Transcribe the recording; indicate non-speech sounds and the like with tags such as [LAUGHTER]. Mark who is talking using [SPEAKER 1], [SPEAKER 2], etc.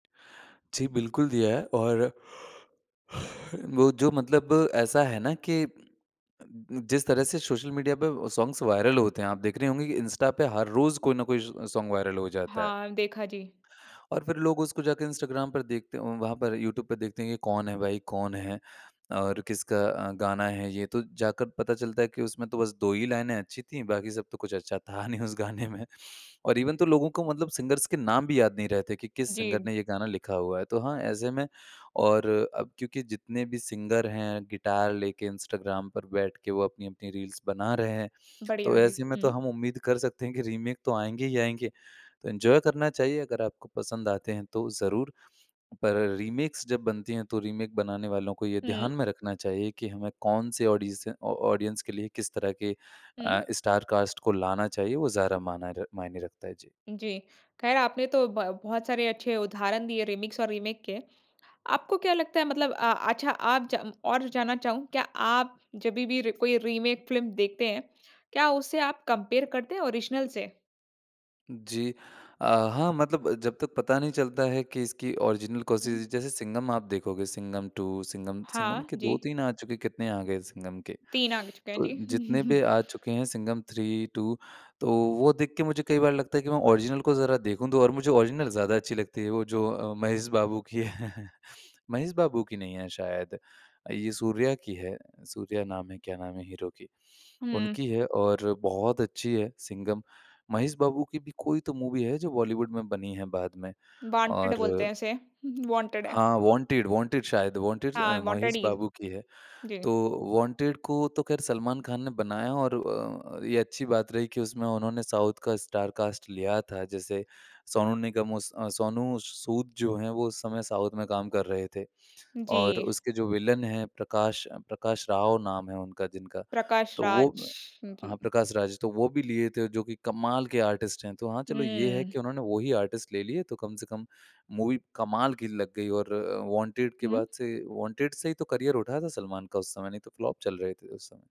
[SPEAKER 1] जी, बिल्कुल दिया है और [YAWNS] वो जो मतलब ऐसा है ना कि अ, जिस तरह से सोशल मीडिया पे सॉन्ग्स वायरल होते हैं, आप देख रहे होंगे कि इंस्टा पे हर रोज़ कोई ना कोई ज़ सोंग वायरल हो जाता है।
[SPEAKER 2] हाँ, देखा जी।
[SPEAKER 1] और फ़िर लोग उसको जाके इंस्टाग्राम पर देखते वहाँ पर यूट्यूब पे देखते हैं ये कौन है भाई, कौन है, और किसका अ, गाना है ये तो जाकर पता चलता है कि उसमें तो बस 2 ही लाइनें अच्छी थीं, बाकी सब तो कुछ अच्छा था नहीं उस गाने में। और इवन तो लोगों को मतलब सिंगर्स के नाम भी याद नहीं रहे थे कि किस सिंगर
[SPEAKER 2] जी।
[SPEAKER 1] ने ये गाना लिखा हुआ है तो हाँ ऐसे में और अब क्योंकि जितने भी सिंगर हैं, गिटार लेके इंस्टाग्राम पर बैठ के वो अपनी-अपनी रील्स बना रहे हैं,
[SPEAKER 2] बढ़िया
[SPEAKER 1] तो
[SPEAKER 2] जी।
[SPEAKER 1] ऐसे में तो
[SPEAKER 2] हुँ।
[SPEAKER 1] हम उम्मीद कर सकते हैं कि रीमेक तो आएँगे ही आएँगे, तो एन्जॉय करना चाहिए अगर आपको पसंद आते हैं तो ज़रूर। पर रीमेक्स जब बनती हैं तो रीमेक बनाने वालों को ये
[SPEAKER 2] हुँ।
[SPEAKER 1] ध्यान में रखना चाहिए कि हमें कौन से ऑडीसे ऑ ऑडियंस के लिए किस तरह के
[SPEAKER 2] हुँ।
[SPEAKER 1] अ, स्टार कास्ट को लाना चाहिए वो ज़ारा माना र मायने रखता है जी।
[SPEAKER 2] जी। ख़ैर आपने तो ब बहुत सारे अच्छे उदाहरण दिए रीमिक्स और रीमेक के। आपको क्या लगता है मतलब अ, अच्छा आप जा और जानना चाहूँ क्या आप जभी भी कोई रीमेक फ़िल्म देखते हैं, क्या उसे आप कंपेयर करते हैं ओरिजिनल से?
[SPEAKER 1] जी। अ, हाँ मतलब जब तक पता नहीं चलता है कि इसकी ओरिजिनल कोशिश
[SPEAKER 2] हुँ।
[SPEAKER 1] जैसे सिंघम आप देखोगे, सिंघम टू, सिंघम सिंघम
[SPEAKER 2] हाँ।
[SPEAKER 1] के दो
[SPEAKER 2] जी।
[SPEAKER 1] तीन आ चुके, कितने आ गए सिंघम के।
[SPEAKER 2] 3 आ चुके हैं
[SPEAKER 1] तो
[SPEAKER 2] जी।
[SPEAKER 1] जितने भी
[SPEAKER 2] [CHUCKLES]
[SPEAKER 1] आ चुके हैं सिंघम थ्री, टू, तो वो देख के मुझे कई बार लगता है कि मैं ओरिजिनल को ज़रा देखूँ तो और मुझे ओरिजिनल ज़्यादा अच्छी लगती है वो जो अ, महेश बाबू की है। [CHUCKLES] महेश बाबू की नहीं है शायद, ये सूर्या की है, सूर्या नाम है क्या नाम है हीरो की,
[SPEAKER 2] हुँ।
[SPEAKER 1] उनकी है और बहुत अच्छी है सिंघम। महेश बाबू की भी कोई तो मूवी है जो बॉलीवुड में बनी है बाद में।
[SPEAKER 2] वांटेड
[SPEAKER 1] और
[SPEAKER 2] बोलते हैं इसे। हुँ, हुँ वांटेड है।
[SPEAKER 1] हाँ, वांटेड वांटेड शायद वांटेड अ,
[SPEAKER 2] हाँ, वांटेड
[SPEAKER 1] महेश
[SPEAKER 2] ही।
[SPEAKER 1] बाबू की है,
[SPEAKER 2] जी।
[SPEAKER 1] तो वांटेड को तो ख़ैर सलमान खान ने बनाया और अ, ये अच्छी बात रही कि उसमें उन्होंने साउथ का स्टार कास्ट लिया था जैसे सोनू निगम उस सोनू सूद जो हैं वो उस समय साउथ में काम कर रहे थे और
[SPEAKER 2] जी।
[SPEAKER 1] उसके जो विलन हैं प्रकाश प्रकाश राव नाम है उनका जिनका
[SPEAKER 2] प्रकाश
[SPEAKER 1] तो वो
[SPEAKER 2] राज। जी।
[SPEAKER 1] हाँ प्रकाश राज तो वो भी लिए थे जो कि कमाल के आर्टिस्ट हैं। तो हाँ चलो ये है
[SPEAKER 2] हुँ।
[SPEAKER 1] कि उन्होंने वही आर्टिस्ट ले लिए तो कम से कम मूवी कमाल की लग गई और वांटेड के बाद
[SPEAKER 2] हुँ।
[SPEAKER 1] से वांटेड से ही तो करियर उठा था सलमान का उस समय नहीं तो फ्लॉप चल रहे थे उस समय।